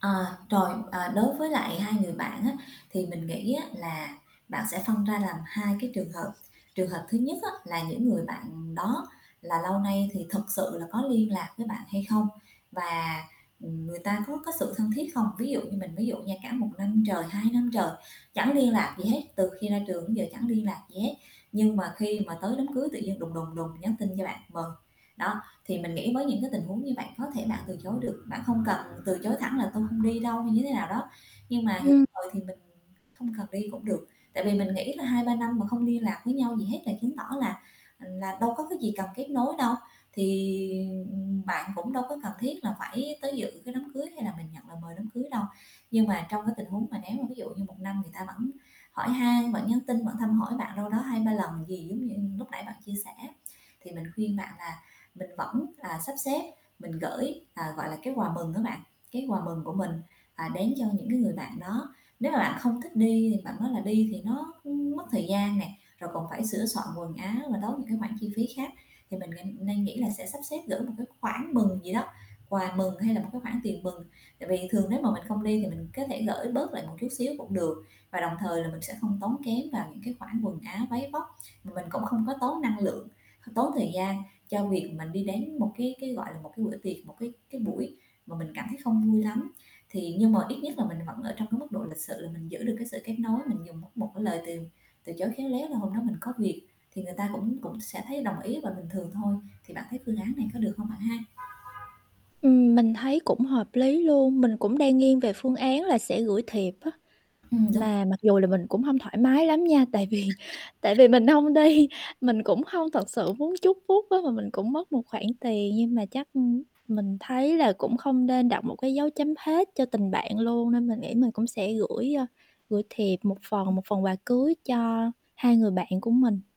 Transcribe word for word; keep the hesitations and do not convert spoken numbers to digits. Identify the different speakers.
Speaker 1: Ờ, trồi, à, đối với lại hai người bạn á, thì mình nghĩ á, là bạn sẽ phân ra làm hai cái trường hợp. Trường hợp thứ nhất á, là những người bạn đó là lâu nay thì thực sự là có liên lạc với bạn hay không, và, ừm, người ta có có sự thân thiết không? Ví dụ như mình ví dụ nha, cả một năm trời, hai năm trời chẳng liên lạc gì hết, từ khi ra trường đến giờ chẳng liên lạc gì hết, nhưng mà khi mà tới đám cưới tự nhiên đùng, đùng, đùng nhắn tin cho bạn mời, đó. Thì mình nghĩ mới những cái tình huống như bạn có thể bạn từ chối được, bạn không cần từ chối thẳng là "Tôi không đi đâu" hay như thế nào đó. Nhưng mà người ta
Speaker 2: Ừm.
Speaker 1: mời thì mình không cần đi cũng được. Tại vì mình nghĩ là hai ba năm mà không liên lạc với nhau gì hết, là chứng tỏ là, ừm, là đâu có cái gì cần kết nối đâu. Thì, ừm, ừm, bạn cũng đâu có cần thiết là phải tới dự cái đám cưới, hay là mình nhận lời mời đám cưới đâu. Nhưng mà trong cái tình huống mà nếu mà ví dụ như một năm người ta vẫn hỏi han, vẫn nhắn tin, vẫn thăm hỏi bạn đâu đó hai ba lần gì giống như lúc nãy bạn chia sẻ. Thì mình khuyên bạn là mình vẫn là sắp xếp, mình gửi, ờ, gọi là, cái quà mừng á bạn, cái quà mừng của mình, à, đến cho những cái người bạn đó. Nếu mà bạn không thích đi thì bạn nói là đi thì nó, ưm, mất thời gian nè, rồi còn phải sửa soạn quần áo và tốn những cái khoản chi phí khác. Thì mình ng nên nghĩ là sẽ sắp xếp gửi một cái khoản mừng gì đó, quà mừng hay là một cái khoản tiền mừng. Tại vì thường nếu mà mình không đi, thì mình có thể gửi bớt lại một chút xíu cũng được, và đồng thời là mình sẽ không tốn kém vào những cái khoản quần áo váy vóc. Mà mình cũng không có tốn năng lượng, tốn thời gian cho việc mình đi đến một cái cái, gọi là, một cái bữa tiệc, một cái cái buổi mà mình cảm thấy không vui lắm. Thì, nhưng mà ít nhất là mình vẫn ở trong cái mức độ lịch sự là mình giữ được cái sự kết nối. Mình dùng một một cái lời từ từ chối khéo léo là "Hôm đó mình có việc", thì người ta cũng cũng sẽ thấy đồng ý và bình thường thôi. Thì bạn thấy phương án này có được hông, bạn ha?
Speaker 2: Ừm, mình thấy cũng hợp lý luôn. Mình cũng đang nghiêng về phương án là sẽ gửi thiệp á.
Speaker 1: Ừm, đúng [unintelligible]
Speaker 2: Mà mặc dù là mình cũng hông thoải mái lắm nha. Tại vì tại vì mình hông đi, mình cũng hông thật sự muốn chúc phúc á, mà mình cũng mất một khoản tiền. Nhưng mà chắc, ừm, mình thấy là cũng không nên đặt một cái dấu chấm hết cho tình bạn luôn. Nên mình nghĩ mình cũng sẽ gửi, ờ, gửi thiệp một phần,
Speaker 1: Ừm.
Speaker 2: một phần quà cưới cho hai người bạn của mình.